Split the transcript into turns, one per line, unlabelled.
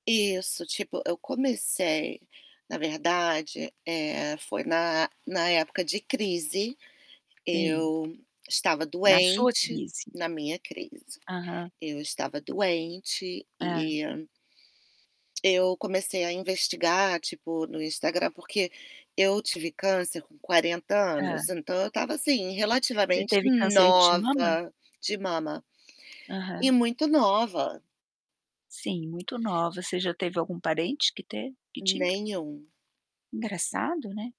Isso, tipo, eu comecei, na verdade, eh, foi na na época de crise.
Sim.
Eu estava
Na sua
doente
crise.
na minha crise.
Aham.
Eu estava doente
Hã.
e eu comecei a investigar, tipo, no Instagram, porque eu tive câncer com 40 anos,
Hã.
então, eu estava, assim,
Você
relativamente
teve câncer de mama?
nova de mama. E
Aham.
muito nova.
Sim, muito nova, você já teve algum parente que teve que tinha?
Nenhum.
Engraçado, né.